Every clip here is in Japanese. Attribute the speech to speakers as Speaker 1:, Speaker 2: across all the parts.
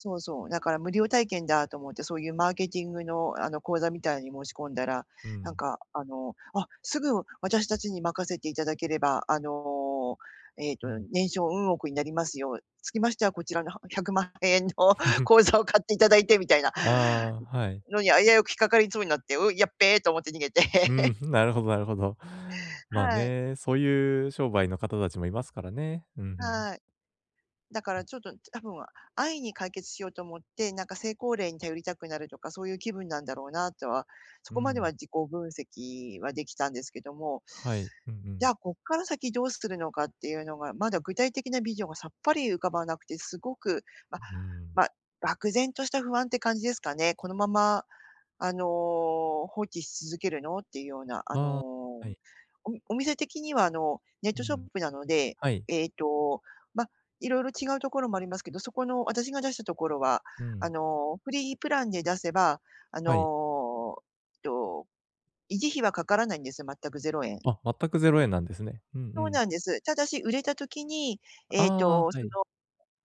Speaker 1: そうそう、だから無料体験だと思って、そういうマーケティングの、あの、講座みたいのに申し込んだら、
Speaker 2: う
Speaker 1: なん
Speaker 2: ん。
Speaker 1: かあの、「あ、すぐ私たちに任せていただければ、あの、ええと、
Speaker 2: うん。
Speaker 1: 年商うん億になりますよ。つきましてはこちらの1,000,000円の 講座を買っていただいて」みたいな、
Speaker 2: ああ、はい。
Speaker 1: のに危うく引っかかりそうになって、「う、やっべ」と思って逃げて。
Speaker 2: う ん、なるほどなるほど。まあ
Speaker 1: はい。
Speaker 2: ね、そういう商売の方たちも居ますからね。うんうん。
Speaker 1: はい。だからちょっと多分、あ安易に解決しようと思って、なんか成功例に頼りたくなるとか、そういう気分なんだろうなとは、そ
Speaker 2: う
Speaker 1: こまでは
Speaker 2: ん。
Speaker 1: 自己分析は出来たんですけども、
Speaker 2: はい。うんう
Speaker 1: じゃ
Speaker 2: ん。
Speaker 1: あ、こっから先どうするのかっていうのが、まだ具体的なビジョンがさっぱり浮かばなくて、すごく、ま、
Speaker 2: うん。
Speaker 1: ま、漠然とした不安って感じですかね。このまま、あの、放置し続けるのっていうような、あの、
Speaker 2: ああ、はい。
Speaker 1: おみお店的にはあのネッ
Speaker 2: う
Speaker 1: トショッ
Speaker 2: ん。
Speaker 1: プなので、
Speaker 2: はい。
Speaker 1: えっと、ま、色々違うところもありますけど、そこの私が出したところは、
Speaker 2: う
Speaker 1: あ
Speaker 2: ん。
Speaker 1: の、フリープランで出せば、あ
Speaker 2: はい。
Speaker 1: の、えっと維持費はかからないんですよ、全く0円。
Speaker 2: あ、全く0円なんですね。うんう
Speaker 1: そう
Speaker 2: ん。
Speaker 1: なんです。ただし、売れた時に、えっ
Speaker 2: ああ、
Speaker 1: と、
Speaker 2: は
Speaker 1: その、
Speaker 2: い。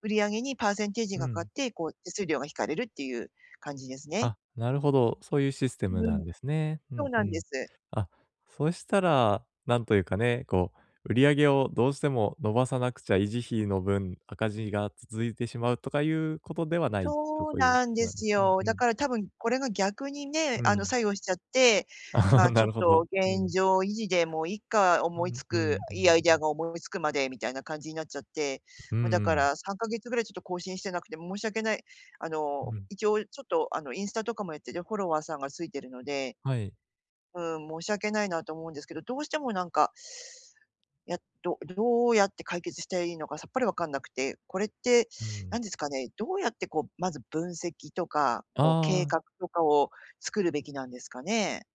Speaker 1: 売り上げにパーセンテージ
Speaker 2: う
Speaker 1: がかかっ
Speaker 2: ん。
Speaker 1: て、こう手数料が引かれるっていう感じですね。
Speaker 2: あ、なるほど。そういうシステ
Speaker 1: う
Speaker 2: ムな
Speaker 1: ん。
Speaker 2: んですね。う
Speaker 1: そ
Speaker 2: ん
Speaker 1: う
Speaker 2: う
Speaker 1: なんで
Speaker 2: ん。
Speaker 1: す。
Speaker 2: あ、そしたら、なんというかね、こう売り上げをどうしても伸ばさなくちゃ維持費の分、赤字が続いてしまうとかいうことではないと、
Speaker 1: そう
Speaker 2: そういう。
Speaker 1: なんで
Speaker 2: ま
Speaker 1: す
Speaker 2: うん
Speaker 1: よ。
Speaker 2: う
Speaker 1: だ
Speaker 2: ん。
Speaker 1: から多分これが逆にね、
Speaker 2: う
Speaker 1: あの
Speaker 2: ん。
Speaker 1: 作用しちゃって、ま、ち
Speaker 2: な
Speaker 1: ょっ
Speaker 2: るほ
Speaker 1: と
Speaker 2: ど、う
Speaker 1: 現
Speaker 2: ん。
Speaker 1: 状維持で、もういっか、
Speaker 2: う
Speaker 1: 思い
Speaker 2: ん
Speaker 1: 付
Speaker 2: う
Speaker 1: く
Speaker 2: んう
Speaker 1: いいアイデア
Speaker 2: ん。
Speaker 1: が思い付くまで、みたいな感じになっちゃって、
Speaker 2: うん
Speaker 1: ま、だ
Speaker 2: う
Speaker 1: か
Speaker 2: ん。
Speaker 1: ら3ヶ月ぐらいちょっと更新してなくて申し訳無いあの、
Speaker 2: うん。
Speaker 1: 一応ちょっとあのインスタとかもやってて、フォロワーさんが付いてるので
Speaker 2: はい。
Speaker 1: うん、申し訳無いなと思うんですけど、どうしてもなんかや、どどうやって解決したらいいのかさっぱり分かんなくて、これって
Speaker 2: う
Speaker 1: 何
Speaker 2: ん。
Speaker 1: ですかね、どうやって、こう、まず分析とか、こう
Speaker 2: あ
Speaker 1: 計
Speaker 2: あ。
Speaker 1: 画とかを作るべきなんですかね？